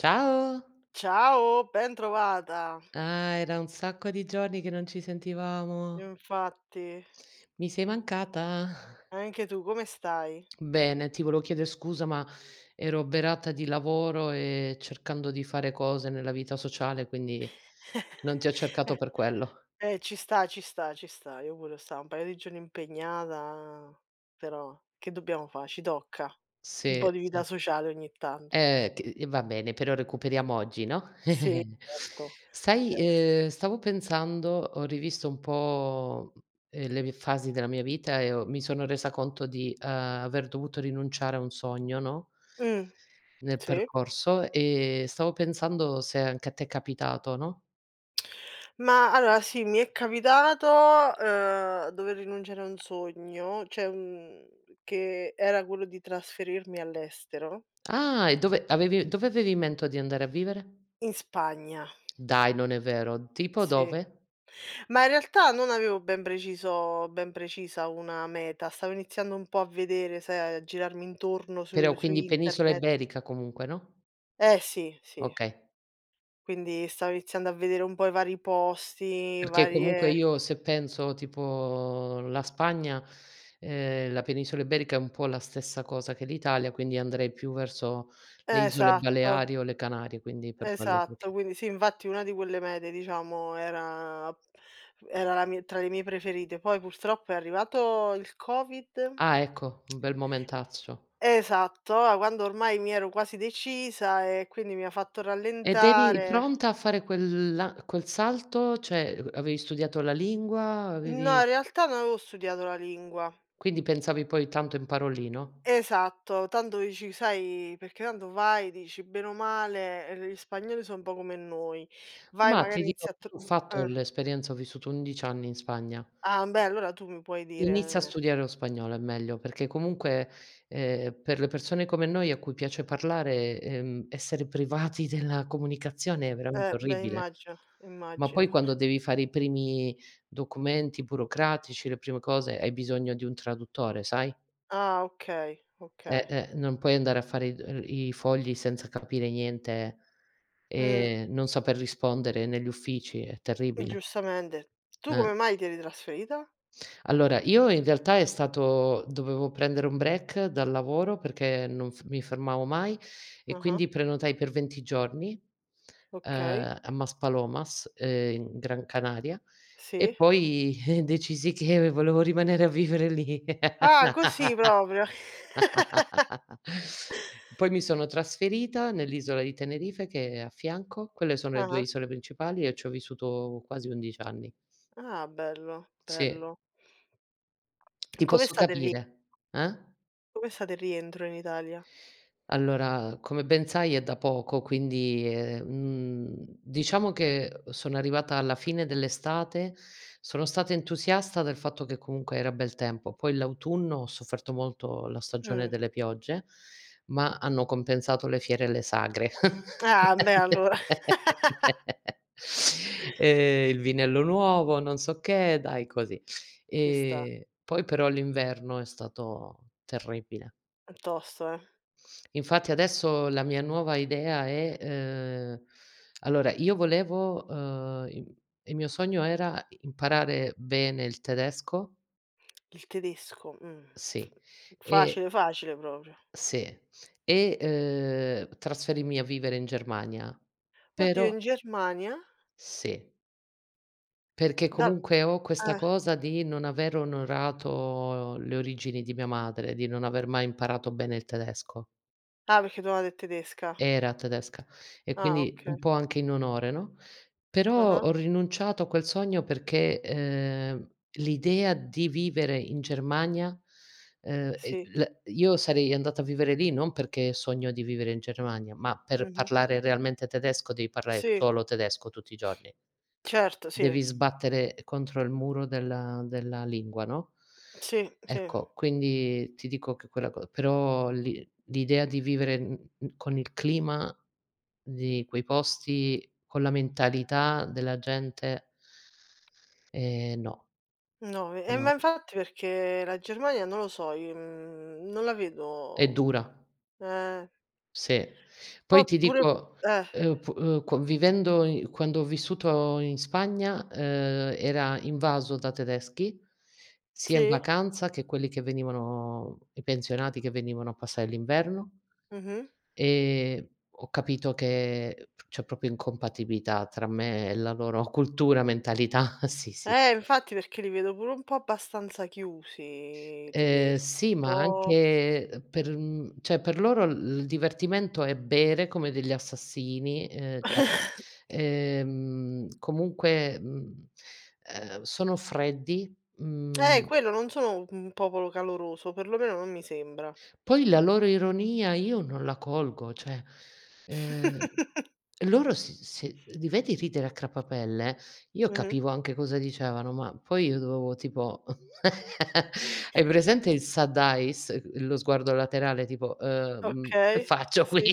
Ciao! Ciao, bentrovata! Ah, era un sacco di giorni che non ci sentivamo! Infatti. Mi sei mancata. Anche tu, come stai? Bene, ti volevo chiedere scusa, ma ero oberata di lavoro e cercando di fare cose nella vita sociale, quindi, non ti ho cercato per quello. E eh, ci sta, ci sta, ci sta. Io pure, 'so 'sta un paio di giorni impegnata, però che dobbiamo fa', ci tocca un Sì, po' di vita sì. sociale ogni tanto. Eh, ti i va bene, però recuperiamo oggi, no, Sì, certo, sai, certo. uhm, stavo pensando ho rivisto un po', ehm, le vie fasi della mia vita e ho mi sono resa conto di, ehm, aver dovuto rinunciare a un sogno, no Mh, nel sì. percorso, e stavo pensando se anche a te è capitato, no? Mah allora, sì, mi è capitato, uhm, dover rinunciare a un sogno, cioè un che era quello di trasferirmi all'estero. Ah! E dove avevi u dove avevi in mento di andare a vivere? In Spagna. Dai, non è vero! Tipo, Sì. dove? Mah, in realtà, non avevo ben preciso ben precisa una meta, stavo iniziando un po' a vedere, sai, a girarmi intorno Però su su quindi, penisola internet. iberica comunque, no? Eh, sì, sì. Okay. Quindi, stavo iniziando a vedere un po' i vari posti, Perché, comunque varie io se penso tipo la Spagna, ehm, la penisola Iberica è un po' la stessa cosa che l'Italia, quindi andrei più verso le isole Esatto. Baleari o le Canarie, quindi per quello che lo Esatto, chie quindi sì, infatti, una di quelle mete diciamo era ap mhmm, era la mia tra le mie preferite. Poi, purtroppo è arrivato il Covid. Ah, ecco, un bel momentaccio. Esatto, a quando ormai mi ero quasi decisa, e quindi mi ha fatto Ed eri rallentare. pronta a fare quel la quel salto? Cioè, ehm, u avevi studiato la lingua? No, Avevi in realtà, non avevo studiato la lingua. Quindi pensavi: "Poi, tanto imparo lì," no? Esatto. Tanto dici sai, perché tanto vai, dici: "Bene o male, ehm, le i spagnoli 'so un po' come noi. Vai, Mah, ti magari dirò, inizi a tr" io ho fatto eh. l'esperienza, ho vissuto 11 anni in Spagna. Ah, mbeh, allora tu mi puoi Inizia a dire studiare lo spagnolo, è meglio. Perché comunque, ehm, per le persone come noi, a cui piace parlare, ehm, essere privati della comunicazione è Eh, veramente beh, orribile. immagino, Ma poi immagino. quando devi fare i primi documenti burocratici, le prime cose, hai bisogno di un traduttore, sai? Ah, okay, okay. Eh-eh, non puoi andare a fare i dol ehm, i fogli senza capire niente Mh. e non saper rispondere negli uffici, è Eh, terribile. giustamente. Tu Eh. come mai ti eri trasferita? Allora, io in realtà è stato dovevo prendere un break dal lavoro perché non f mi fermavo mai, e Ah-ah. quindi prenotai per 20 giorni, Okay. ehm, a Mas Palomas, ehm, in Gran Canaria, e Sì. poi, eh, decisi che ve volevo rimanere a vivere lì. Ah, così proprio! Poi mi sono trasferita nell'isola di Tenerife, che é a fianco. Quelle sono le 2 Ah-ah. isole principali, e i c'ho vissuto quasi 11 anni. Ah, bello, Sì. bello. Ti Com'é posso stato il ri capire. Eh? com'é stato il rientro, in Italia? Allora, come ben sai è da poco, quindi è mhmm, diciamo che, uhm, sono arrivata alla fine dell'estate. Sono stata entusiasta del fatto che comunque era bel tempo, poi l'autunno ho sofferto molto la stagione Mh. delle piogge ma hanno compensato le fiere e le sagre. Ah, mbeh, allora! Ehm, il vinello nuovo, non so che, dai così. Ci sta. Ehm, poi però l'inverno è stato terribile. È tosto, eh? Infatti adesso, la mia nuova idea è uhm, allora io volevo, uhm, im i mio sogno era: imparare bene il tedesco Il tedesco, mhmm, f sì, e facile, facile proprio. sì, e, uhm, trasferirmi a vivere in Germania. Oddio, Però in Germania? Sì. Perché Da comunque, ho questa eh. cosa di non aver onorato le origini di mia madre, di non aver mai imparato bene il tedesco. Ah, perché tua madre é tedesca. Era tedesca, e Ah, quindi un okay. po' anche in onore, no, però Ah-ah. ho rinunciato a quel sogno perché, ehm, l'idea di vivere in Germania, ehm, e Sì. la io sarei andata a vivere lì non perché sogno di vivere in Germania, ma per Mh-mh. parlare realmente tedesco devi parlare Sì. solo tedesco, tutti i giorni. Certo, sì. Devi sbattere contro il muro della della lingua, no, Sì, sì. ecco, quindi ti dico che quella co però l'i l'idea di vivere in mhmm, con il clima di quei posti, con la mentalità della gente ehm, no. No, ve eh, ma No. infatti, perché la Germania, non lo so, i mhmm, non la È vedo dura. eh! Sì. Ma Poi ti pure dico eh. ehm, oppu uhm, co vivendo i quando ho vissuto in Spagna, ehm, era invaso da tedeschi, sia in Sì? vacanza che quelli che venivano i pensionati che venivano a passare l'inverno, Mh-mh. ehm, ho capito che, ehm, c'è proprio incompatibilità tra me e la loro cultura, mentalità, sì, sì. Eh, infatti perché li vedo pure un po' abbastanza chiusi i Ehm, tedeschi, sì un ma po' anche, ehm, per mhmm, cioè per loro l il divertimento è bere come degli assassini, ehm, [unintelligible] ehm, comunque, mhmm, ehm, sono freddi, Eh, mhmm quello, non sono u un popolo caloroso, o perlomeno non mi sembra. Poi la loro ironia io non la colgo. Cioè, ehm, loro si se li vedi ridere a crepapelle, io Mh-mh. capivo anche cosa dicevano, ma poi io dovevo tipo q hai presente il side eyes, il sguardo laterale tipo: "Ehm, mhmm, che Okay. faccio qui?" Sì,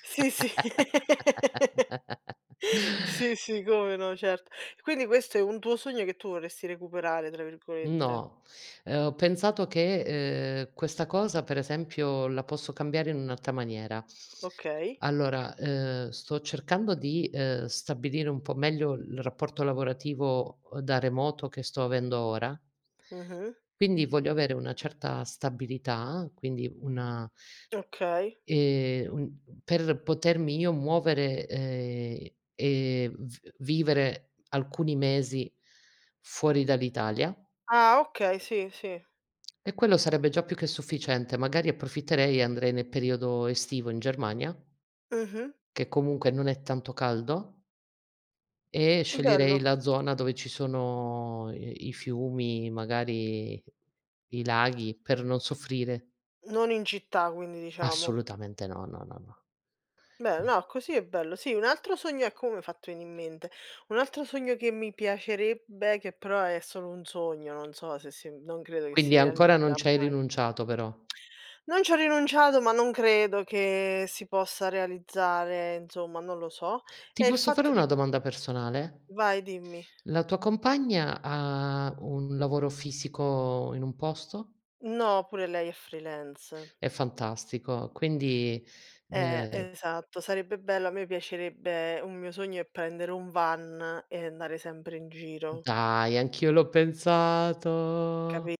sì, sì, sì, sì, come no, certo. E quindi questo è un tuo sogno, che tu vorresti "recuperare", tra virgolette. No, ehm, ho pensato che, ehm: "Questa cosa," per esempio, "la posso cambiare in un'alta maniera." Okay. Allora, ehm, sto cercando di, ehm, stabilire un po' meglio il rapporto lavorativo, uhm, da remoto che sto avendo ora. Mh-mh. Quindi voglio avere una certa stabilità, quindi una, Okay. ehm, un per potermi io muovere, ehm, e v vivere alcuni mesi fuori dall'Italia Ah, okay, sì, sì. e quello sarebbe già più che sufficiente, magari approfitterei e andrei ne periodo estivo in Germania Mh-mh. che comunque non è tanto caldo e sceglierei Bello. la zona dove ci sono i i fiumi, magari i laghi, per non soffrire. Non in città quindi, diciamo. Assolutamente no, no, no, Bello. no. No, così è bello. Sì, un altro sogno ecco, mo' mi hai fatto veni' in mente, un altro sogno che mi piacerebbe che però è solo un sogno non so se si m non credo che si Quindi, ancora non realizzerà ci hai mai. rinunciato però. Non ci ho rinunciato, ma non credo che si possa realizzare, insomma, non lo so, Ti è il posso fare fatto di una domanda personale? Vai, dimmi. La tua compagna ha un lavoro fisico, in un posto? No, pure lei è freelance. È fantastico! Quindi, Eh, ehm esatto, sarebbe bello. A me mi piacerebbe un mio sogno è prendere un van e andare sempre in giro. Dai, anch'io l'ho pensato! Capi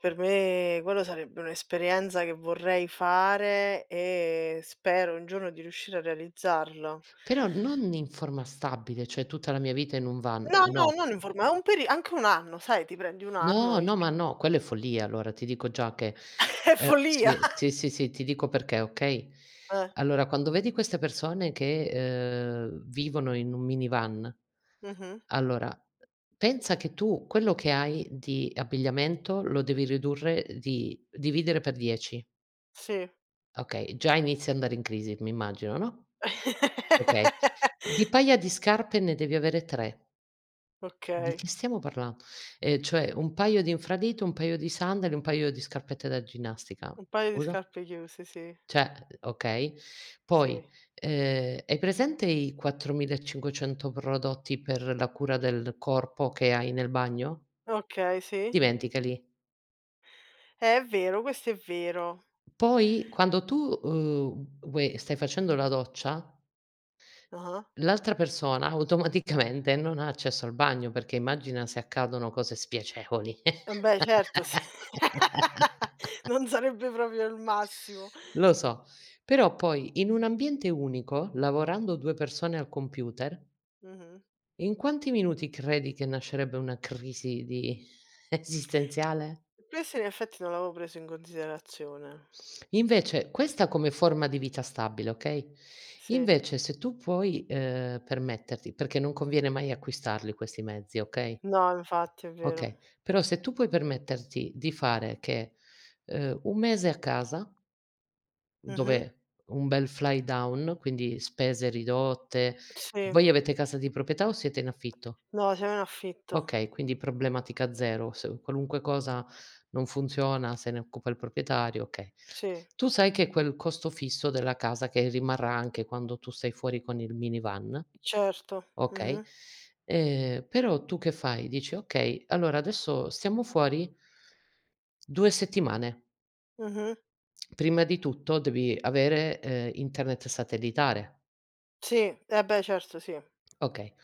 per me quello sarebbe un'esperienza che vorrei fare, e spero un giorno di riuscire a realizzarlo. Però non in forma stabile, cioè tutta la mia vita in un van, No, no, no. non informa un peri anche 1 anno, sai, ti prendi 1 anno, No, i no, ma no, quello è follia. Allora, ti dico già che È è follia. sì, sì, sì, sì, ti dico perché, okay, Eh. allora quando vedi queste persone che, ehm, vivono in un minivan Mh-mh. allora, pensa che tu quello che hai di abbigliamento, lo devi ridurre, ehm, di dividere per 10. Sì. Okay, già inizi a andare in crisi, mi immagino, no, okay, di paia di scarpe ne devi avere 3. Di Okay. che stiamo parlando, ehm cioè, un paio di infradito, un paio di sandali, un paio di scarpette da ginnastica. Un paio di Scusa? scarpe chiuse, sì. Cioè okay, poi, Sì. ehm, hai presente i 4500 prodotti per la cura del corpo che hai nel bagno? Okay, sì. dimenticali. Eh, è vero, questo è vero. Poi, quando tu, uhm, vuoi stai facendo la doccia Ah-ah. l'altra persona automaticamente non ha accesso al bagno, perché immagina se accadono cose spiacevoli. Eh, mbeh, certo s non sarebbe proprio il massimo. Lo so. Però poi in un ambiente unico, lavorando 2 persone al computer Mh-mh. in quanti minuti, credi che nascerebbe una crisi di esistenziale? Questo in effetti, non l'avevo preso in considerazione. Invece questa come forma di vita stabile, okay, Sì. invece se tu puoi, ehm, permetterti perché non conviene mai acquistarli questi mezzi okay No, infatti, è vero. okay, però se tu puoi permetterti di fare che uhm, un mese a casa Mh-mh. dove un bel fly down, quindi spese ridotte Sì. voi avete casa di proprietà o siete in affitto? No, siamo in affitto. Okay, quindi problematica zero, se u qualunque cosa non funziona se ne occupa il proprietario, okay, Sì. tu sai che quel costo fisso della casa che rimarrà anche quando tu sei fuori con il minivan Certo, okay, mh-mh. ehm, però tu che fai, dici: "Okay, allora adesso stiamo fuori" 2 settimane. Mh-mh. Prima di tutto devi avere, ehm, internet satellitare. Sì. Eh, beh, certo, sì. Okay.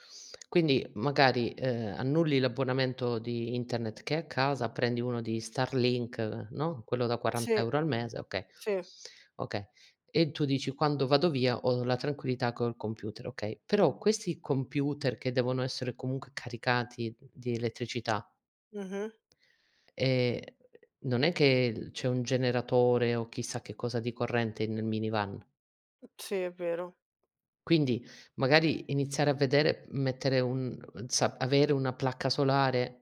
Quindi magari, ehm, annulli l'abbonamento di internet che hai a casa, prendi uno di Starlink, no, quello da 40 € Sì, euro al mese, okay, sì. okay, e tu dici: "Quando vado via, ho la tranquillità col computer," okay, però questi computer che devono essere comunque caricati di elettricità Mh-mh. ehm, non è che il c'è un generatore o chissà che cosa di corrente nel minivan Sì, è vero. quindi, magari iniziare a vedere mettere un za avere una placca solare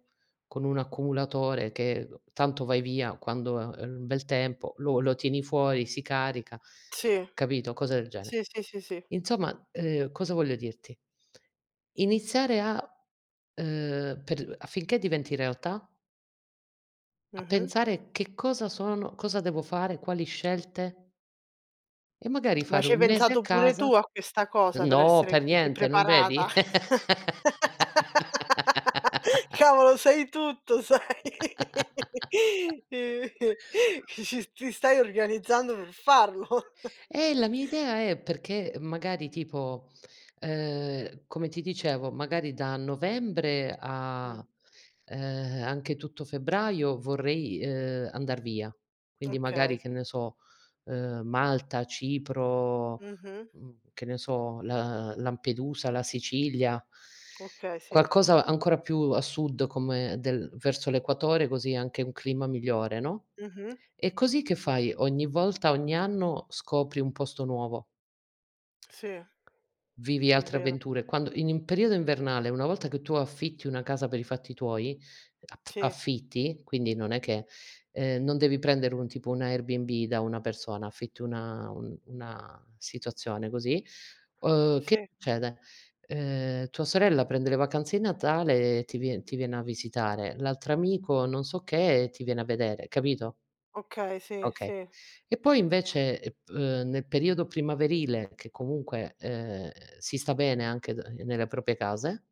con un accumulatore che tanto vai via quando ha il bel tempo, lo lo tieni fuori, si carica, Sì, capito, cose del gene. sì, sì, sì, sì. Insomma, ehm, cosa voglio dirti iniziare a uhm, per [unintelligible] affinché diventi realtà a Mh-mh. pensare: "Che cosa sono, cosa devo fare, quali scelte?" E magari Ma fare ci hai un mese a pensato pure casa tu a questa cosa, per no, essere per così niente, non vedi? preparata? Cavolo, sai tutto, sai! Che ci s ti stai organizzando per farlo. Eh, la mia idea è perché, magari, tipo, ehm, come ti dicevo, magari da Novembre Mh. a, ehm, anche tutto Febbraio vorrei, ehm, andar via. Quindi magari, Okay. che ne so, uhm, Malta, Cipro, Mh-mh. mhmm, che ne so, La Lampedusa, la Sicilia. Okay, sì. Qualcosa ancora più a sud, come del verso l'equatore, così é anche un clima migliore, no, Mh-mh. e così che fai, ogni volta, ogni anno scopri un posto nuovo. Sì, è vero. Vivi È altre vero. avventure. Quando in periodo invernale, una volta che tu affitti una casa per i fatti tuoi, at Sì. affitti quindi non è che ehm, non devi prendere un tipo un Airbnb da una persona, affitti una un una situazione così, uhm, che Sì. succede, ehm, tua sorella prende le vacanze i Natale e ti vien ti viene a visitare, l'altro amico, non so che, ti viene a vedere, capito Okay, sì, okay, sì. e poi invece, ep uhm, nel periodo primaverile che comunque, ehm, si sta bene anche da ehm, nelle proprie case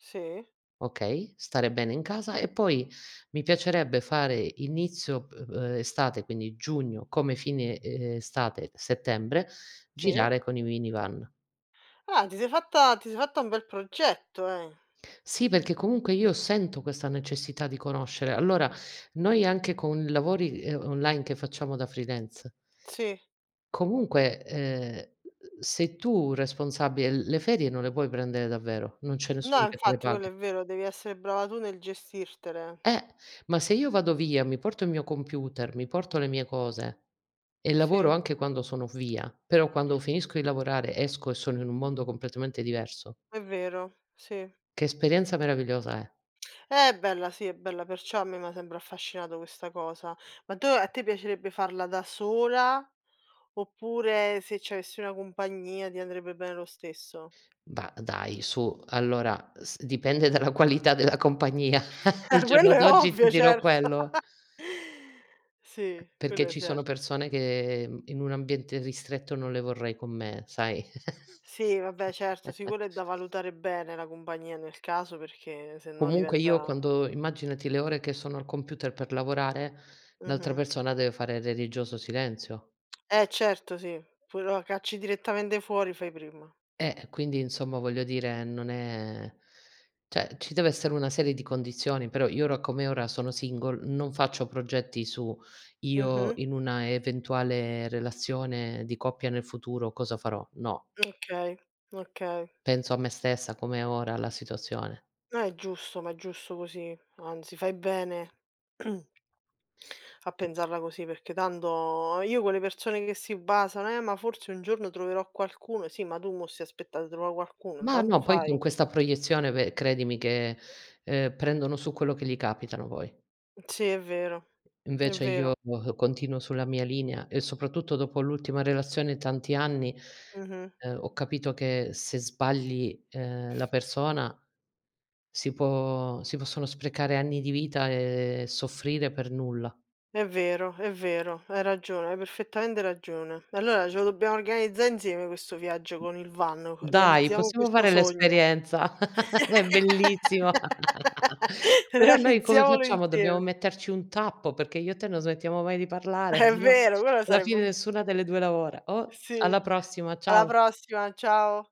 Sì. okay, stare bene in casa. E poi mi piacerebbe fare: inizio p ehm, estate quindi Giugno, come fine, ehm, estate Settembre, Sì. girare con i minivan. Ah, ti sei fatta ti sei fatta un bel progetto, eh? Sì, perché comunque io sento questa necessità di conoscere. Allora, noi anche con i lavori, ehm, online che facciamo da freelance Sì. comunque, ehm, se tu responsabile, l le ferie non le puoi prendere davvero, non c'è No, nessuno che te le infatti, quello paga. è vero, devi essere brava tu nel gestirtele. Eh! Ma se io vado via, mi porto i mio computer, mi porto le mie cose, e lavoro Sì. anche quando sono via, però quando finisco di lavorare, esco e sono in un mondo completamente diverso È vero, sì. che esperienza meravigliosa è? È bella, sì, è bella, perciò a me m'ha sempre affascinato questa cosa. Ma dove a te piacerebbe farla da sola, oppure se c'avessi una compagnia ti andrebbe bene lo stesso? Da dai, su. Allora, s dipende dalla qualità della compagnia, al Ah, quello giorno è di oggi ti ovvio, dirò certo! quello. Sì, Perché quello ci sono certo. persone che, mhmm, in un ambiente ristretto non le vorrei con me, sai? Sì, vabbè certo, sì quello è da valutare bene, la compagnia nel caso, perchè sennò Comunque io diventa quando immaginati le ore che sono al computer per lavorare, l'altra Mh-mh. persona deve fare religioso silenzio. Eh, certo sì. Pure lo a cacci direttamente fuori, fai prima. Eh, e quindi insomma, voglio dire, non è cioè, ci deve essere una serie di condizioni, però io ora come ora sono single, non faccio progetti su io Mh-mh. in una eventuale relazione di coppia nel futuro cosa farò, no. Okay, okay. Penso a me stessa, come è ora la situazione. Eh, giusto, ma è giusto così, anzi fai bene pensarla così, perchè tanto io quelle persone che si basano: "Eh, ma forse un giorno troverò qualcuno". Sì, ma tu mo' stai a aspetta' de trova' qualcuno, Ma intanto no, poi fai. con questa proiezione ve credimi che, ehm, prendono su quello che gli capitano poi. Sì è vero, è Invece vero. io continuo sulla mia linea, e soprattutto dopo l'ultima relazione tanti anni, Mh-mh. ehm, ho capito che se sbagli, ehm, la persona, si può si possono sprecare anni di vita, ehm, e soffrire per nulla. È vero, è vero hai ragione, hai perfettamente ragione. Allora ce lo dobbiamo organizza' insieme questo viaggio con il van, co Dai, realizziamo possiamo questo fare sogno, l'esperienza! È bellissimo! Però, noi come realizziamolo facciamo, dobbiamo insieme! metterci un tappo, perchè io e te non smettiamo mai di parlare, È sennò vero, quello alla sarebbe fine un nessuna delle due lavora. Oh! Sì, Alla prossima, alla ciao. prossima, ciao.